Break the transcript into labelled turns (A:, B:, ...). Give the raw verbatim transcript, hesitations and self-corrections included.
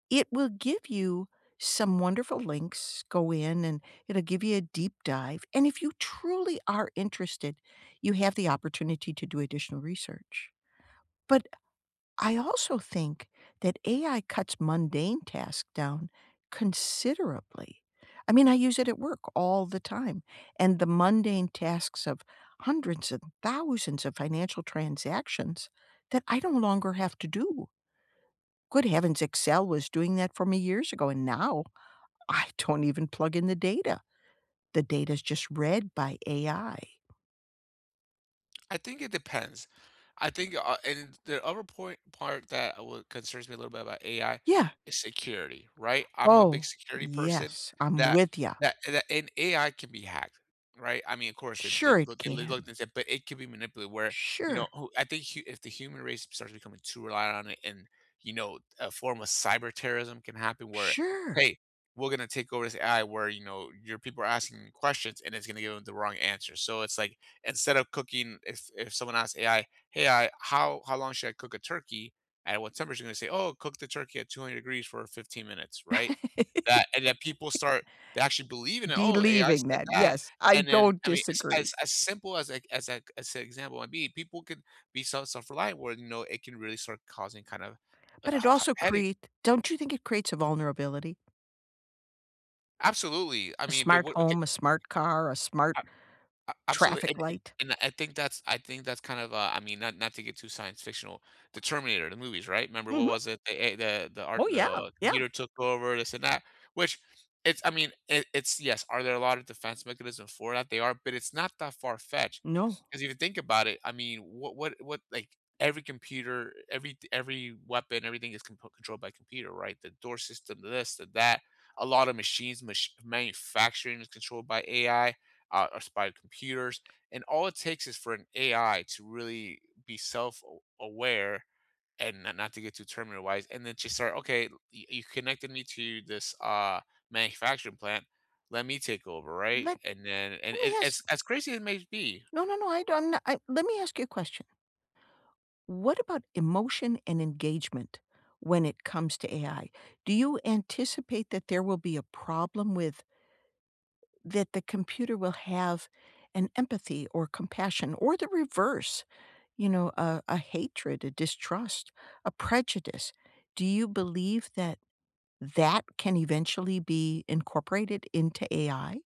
A: It will give you some wonderful links, go in and it'll give you a deep dive, and if you truly are interested, you have the opportunity to do additional research, but, I also think that AI cuts mundane tasks down considerably, I mean, I use it at work all the time, and the mundane tasks of hundreds and thousands of financial transactions, that I no longer have to do. Good heavens, Excel was doing that for me years ago, and now, I don't even plug in the data. The data is just read by AI.
B: I think it depends, I think, uh, it d and the other point part that wha concerns me a little bit about AI
A: Yeah.
B: is security, right, I'm a big
A: Oh,
B: security person
A: yes, I'm
B: that
A: with ya.
B: that that and AI can be hacked, right, I mean, of course, they they
A: Sure it
B: look they look
A: can.
B: and they say but it could be manipulated where, you know
A: Sure.
B: oh at the hu if the human race starts becoming too reliant on it and, you know, a form of cyber terrorism can happen where,
A: Sure!
B: "Hey, we're gonna take over this AI where, you know, your people are asking questions and it's gonna give 'em the wrong answer," so it's like, instead of cooking if if someone asks AI, "Hey, I, how how long should I cook a turkey? At what temperature?" and they say, "Oh, cook the turkey at two hundred degrees for fifteen minutes," right? Tha and that people start to actually believe in it, "Oh, AI
A: Believing
B: said
A: that,
B: that,"
A: yes, I
B: and then,
A: don't
B: I mean,
A: disagree.
B: as as simple as like as a g as an example would be, people could be self self-reliant where, you know, it can really start causing kinda,
A: But
B: uh,
A: it
B: ha ha
A: also
B: headache.
A: create don't you think it creates a vulnerability?
B: Absolutely, I
A: A
B: mean, but
A: smart
B: what okay.
A: home, a smart car, a smart
B: A a absolutely,
A: traffic
B: an an
A: light?
B: and I think that's I think that's kind of a I mean, not not to get too science-fictional The Terminator, the movies, right, remember what
A: Mhm.
B: was it, the a the the art
A: Oh, yeah,
B: the
A: yeah.
B: computer took over this and that, which it's I mean, it it's yes, are there a lot of defense mechanism for that? They are, but it's not that far-fetched,
A: No.
B: 'cause if you think about it, I mean, what what what like, every computer every th every weapon, everything is comprol controlled by computer, right, the door system, this and that, a lotta machines, mach manufacturing is controlled by AI, uh, or s by computers, and all it takes is for an AI to really be self aw aware and not not to get too Terminator wise, and then just start, "Okay, y y you connected me to this, uh, manufacturing plant, let me take over," right,
A: Let
B: and then and it
A: lemme ask
B: as as crazy as it may be.
A: No, no, no, I don't I let me ask you a question. What about emotion and engagement, when it comes to AI, do you anticipate that there will be a problem with that the computer will have an empathy or compassion, or the reverse, you know, a a hatred, a distrust, a prejudice, do you believe that that can eventually be incorporated into AI?